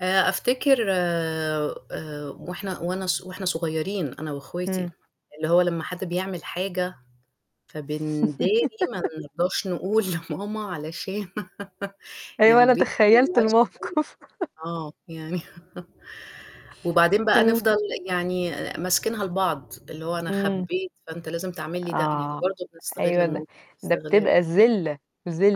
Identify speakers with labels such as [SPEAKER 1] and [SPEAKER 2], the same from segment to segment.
[SPEAKER 1] آآ، أفتكر آآ وإحنا وأنا ص وإحنا صغيرين أنا وأخواتي،
[SPEAKER 2] إمم.
[SPEAKER 1] اللي هو لمّا حد بيعمل حاجة فبنداري، ما نرضاش نقول لماما علشان
[SPEAKER 2] أيوه، أنا تخيّلت
[SPEAKER 1] [unintelligible]
[SPEAKER 2] الموقف.
[SPEAKER 1] آه، يعني وبعدين بقى
[SPEAKER 2] امم.
[SPEAKER 1] نفضل يعني ماسكينها لبعض، اللي هو أنا
[SPEAKER 2] إمم.
[SPEAKER 1] خبّيت فأنت لازم تعمل لي ده، يعني
[SPEAKER 2] آه،
[SPEAKER 1] برضه بنستغل
[SPEAKER 2] أيوه ده
[SPEAKER 1] المو
[SPEAKER 2] ده
[SPEAKER 1] استغلال.
[SPEAKER 2] بتبقى ذلّة،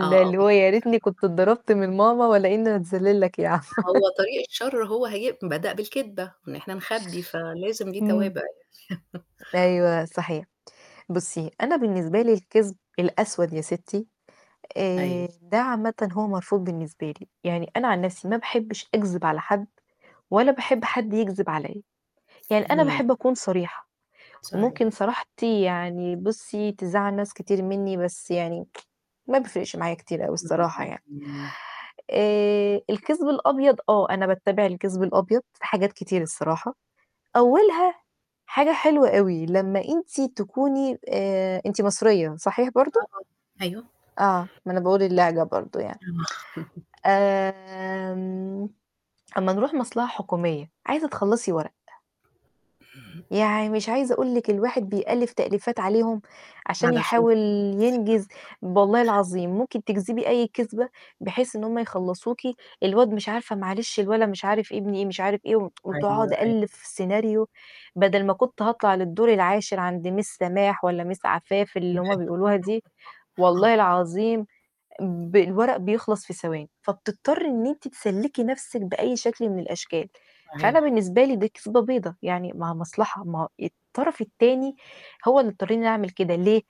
[SPEAKER 1] آه، آه،
[SPEAKER 2] اللي هو
[SPEAKER 1] بالضبط.
[SPEAKER 2] يا ريتني كنت
[SPEAKER 1] [unintelligible]
[SPEAKER 2] اتضربت من ماما والّا إن أنا أتذلّل لك ياعم.
[SPEAKER 1] هو طريق الشر هو هي بدأ بالكدبة، إن إحنا نخبّي، فلازم ليه
[SPEAKER 2] امم.
[SPEAKER 1] توابع يعني.
[SPEAKER 2] أيوه، صحيح. بُصّي أنا بالنسبة لي الكذب الأسوَد يا ستي،
[SPEAKER 1] أيوه.
[SPEAKER 2] آآ ده عامةً هو مرفوض بالنسبة لي. يعني أنا عن نفسي ما باحبش أكذب على حد ولا باحب حد يكذب عليّا، يعني أنا
[SPEAKER 1] اهم.
[SPEAKER 2] باحب أكون صريحة، وممكن
[SPEAKER 1] صحيح.
[SPEAKER 2] صراحتي يعني بُصّي تزعل ناس كتير مني بس يعني ما بيفرقش معايا كتير أوي
[SPEAKER 1] إمم،
[SPEAKER 2] الصراحة
[SPEAKER 1] اهم.
[SPEAKER 2] يعني.
[SPEAKER 1] إمم.
[SPEAKER 2] آآ الكذب الأبيض آه أنا باتّبع الكذب الأبيض في حاجات كتير الصراحة، أولها حاجة حلوة أوي لما أنتِ تكوني آآ أنتِ مصرية، صحيح برضه؟
[SPEAKER 1] آه طبع أيوه.
[SPEAKER 2] آه، ما أنا باقول اللهجة برضه يعني.
[SPEAKER 1] آه
[SPEAKER 2] آمم أمّا نروح مصلحة حكومية، عايزة تخلّصي ورق يعني مش عايزة أقول لِك الواحد بيألّف تأليفات عليهم عشان
[SPEAKER 1] علشان
[SPEAKER 2] يحاول ينجز،
[SPEAKER 1] [unintelligible]
[SPEAKER 2] ب والله العظيم ممكن تكذبي أي كذبة بحيث إن هُم يخلصوكِ، الواد مش عارفة معلش الولا مش عارف معلش الولا ابني إيه مش عارف إيه
[SPEAKER 1] أيوه،
[SPEAKER 2] وتقعد
[SPEAKER 1] أيوه.
[SPEAKER 2] أألّف سيناريو، بدل ما كنت هاطلع للدور العاشر عند miss سماح والّا miss عفاف اللي
[SPEAKER 1] تمام.
[SPEAKER 2] هُم بيقولوها دي،
[SPEAKER 1] [unintelligible]
[SPEAKER 2] والله
[SPEAKER 1] آه.
[SPEAKER 2] العظيم ب الورق بيخلص في ثواني، فبتضطرِّ إن أنتِ تسلّكي نفسِك بأي شكل من الأشكال، فأنا
[SPEAKER 1] صحيح.
[SPEAKER 2] بالنسبة لي دي كذبة بيضة، يعني ما هي مصلحة ما الطرف التاني هو اللي اضطرني إن أنا أعمل كده، ليه؟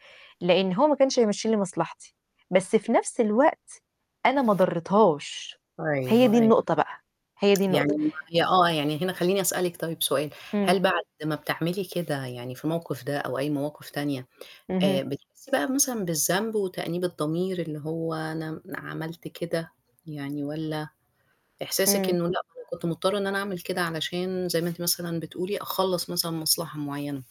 [SPEAKER 2] لأن هو ما كانش هيمَشّي لي مصلحتي، بس في نفس الوقت أنا ما ضريتهاش، هي
[SPEAKER 1] أيوه،
[SPEAKER 2] دي
[SPEAKER 1] أيوه.
[SPEAKER 2] النقطة بقى، هي دي النقطة.
[SPEAKER 1] يعني ما هي آه، يعني هنا خلّيني أسألِك طيب سؤال،
[SPEAKER 2] إمم.
[SPEAKER 1] هل بعد ما بتعملي كده يعني في الموقف ده، أو أي مواقف تانية،
[SPEAKER 2] اهم.
[SPEAKER 1] آآ بتحسي بقى مثلًا بالذنب وتأنيب الضمير اللي هو أنا عملت كده يعني والّا إحساسك إنه لأ
[SPEAKER 2] إمم.
[SPEAKER 1] أنا كنت مضطرة إن أنا أعمل كده علشان زي ما أنتِ مثلًا بتقولي أخلّص مثلًا مصلحة معينة؟